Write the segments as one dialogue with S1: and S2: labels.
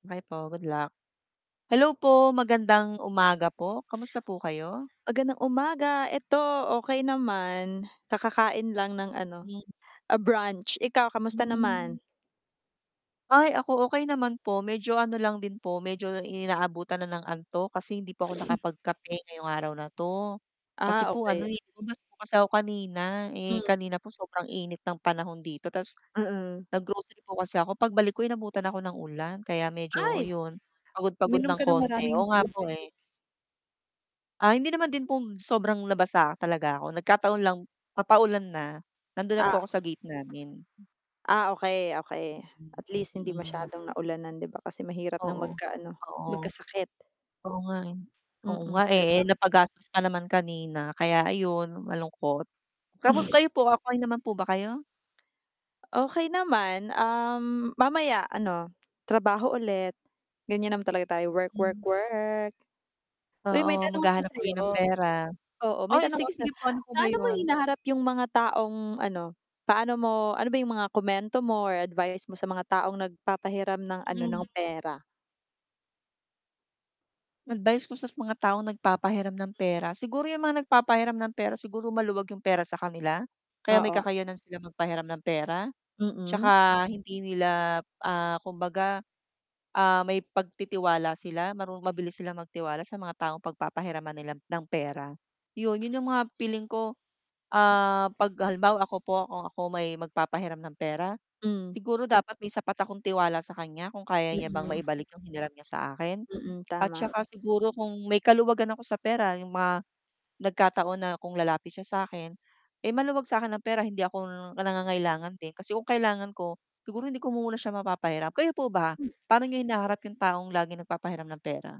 S1: Okey po, good luck. Hello po, magandang umaga po. Kamusta po kayo?
S2: Magandang umaga. 'Eto, okey naman. Kakakain lang ng ano, a brunch, ikaw kamusta
S1: Hmm.
S2: naman?
S1: Ay ako, okey naman po. Medyo ano lang din po, medyo inaabutan na ng antok kasi hindi po ako nakapagkape ngayong araw na 'to. Kasi
S2: Ah,
S1: po ano,
S2: okey.
S1: eh, umalis po ako kanina. Eh,
S2: Hmm.
S1: kanina po sobrang init ng panahon dito, tas
S2: Mm.
S1: nag-grocery po kasi ako. Pagbalik ko inabutan ako ng ulan, kaya medyo
S2: Ay,
S1: 'yon, pagod-pagod
S2: uminom
S1: ng
S2: ka ng
S1: konti.
S2: maraming
S1: Oo nga
S2: tubig.
S1: po, eh. Ah, hindi naman din po sobrang nabasa talaga 'ko. Nagkataon lang papaulan na nandun na
S2: Ah
S1: po ako sa gate namin.
S2: Ah, okey okey at least hindi
S1: Mm.
S2: masyadong naulanan, 'di ba kasi mahirap ng
S1: Oo,
S2: mag-kaano
S1: oo.
S2: magkasakit.
S1: Oo nga, eh. Oo
S2: Mm,
S1: nga, eh,
S2: 'di ba?
S1: eh, napagastos na naman kanina, kaya 'ayun malungkot. Kamu kayo po, okay naman po ba kayo?
S2: Okey naman, um, mamaya ano, trabaho ulit. Gan'yan naman talaga tayo, work work
S1: Hmm.
S2: work. Uy, may
S1: Oo,
S2: tanong ako
S1: maghahanap
S2: sa
S1: uli
S2: 'yo.
S1: ng pera.
S2: Oo, may
S1: Ay,
S2: tanong ako
S1: sige sige
S2: sa'yo.
S1: po ano po ba
S2: Paano mo
S1: 'yun?
S2: hinaharap yung mga taong, ano paano mo ano ba yung mga komento mo, or advice mo sa mga taong nagpapahiram ng ano ng
S1: Mm.
S2: pera?
S1: Advise ko sa mga taong nagpapahiram ng pera. Siguro yung mga nagpapahiram ng pera, siguro maluwag yung pera sa kanila? Kaya may
S2: Oo.
S1: kakayanan sila magpahiram ng pera,
S2: Mm.
S1: 'tsaka, hindi nila, ah, kumbaga, ah, may pagtitiwala sila maru mabilis silang magtiwala sa mga taong pagpapahiraman nila ng pera 'yon. 'Yon 'yung mga feeling ko, ah, 'pag halimbawa ako po, kung ako may magpapahiram ng pera,
S2: Hmm.
S1: siguro dapat may sapat akong tiwala sa kan'ya, kung kaya niya bang
S2: Mm.
S1: maibalik yung hiniram niya sa akin
S2: Mm,
S1: at
S2: tama.
S1: 'tsaka siguro kung may kaluwagan ako sa pera, yung mga nagkataon na kung lalapit siya sa 'kin, eh, maluwag sa'kin ng pera, hindi ako nangangailangan din, kasi kung kailangan ko, siguro hindi ko muna siya mapapahiram. Kayo po ba, pa'no nyo hinaharap yung taong laging nagpapahiram ng pera?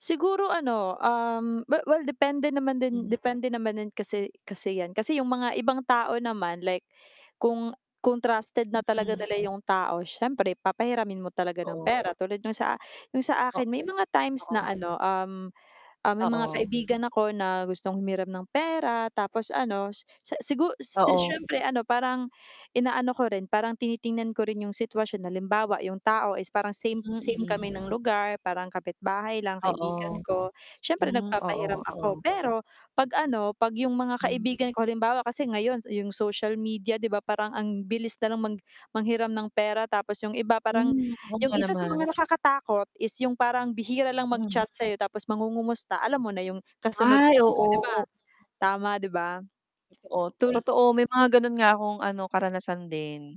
S2: Siguro ano, um, we well depende naman din
S1: Mm.
S2: depende naman din kasi kasi 'yan, kasi yung ibang tao naman, like kung kung trusted na talaga
S1: Mm.
S2: nila 'yung tao, siyempre papahiramin mo talaga ng
S1: Oo.
S2: pera, tulad nung sa nung sa
S1: O
S2: akin may mga times
S1: oo.
S2: na ano, um, um, may mga
S1: Oo.
S2: kaibigan ako na gustong humiram ng pera, tapos ano s-sigur
S1: Oo.
S2: syempre ano parang, inaano ko rin parang tinitingnan ko rin yung sitwasyon, halimbawa yung tao is, parang same
S1: Mm,
S2: same kami
S1: mm.
S2: ng lugar parang kapitbahay lang,
S1: Oo.
S2: kaibigan ko siyempre
S1: Hmm, oo,
S2: nagpapahiram ako
S1: oo.
S2: pero 'pag ano 'pag yung mga
S1: Mm.
S2: kaibigan ko, halimbawa ko kasi ngayon yung social media, 'di ba parang ang bilis nalang mag manghiram ng pera tapos yung iba parang
S1: Hmm, oo
S2: yung
S1: nga
S2: isa sa
S1: naman.
S2: mga nakakatakot is yung parang bihira lang
S1: Mm.
S2: mag-chat sa'yo, tapos mangungumusta, alam mo na yung kasunod
S1: Ay.
S2: 'non,
S1: Oo,
S2: 'di ba?
S1: oo.
S2: Tama di ba?
S1: Oo,
S2: Tul
S1: totoo. May mga ganun nga akong ano, karanasan din.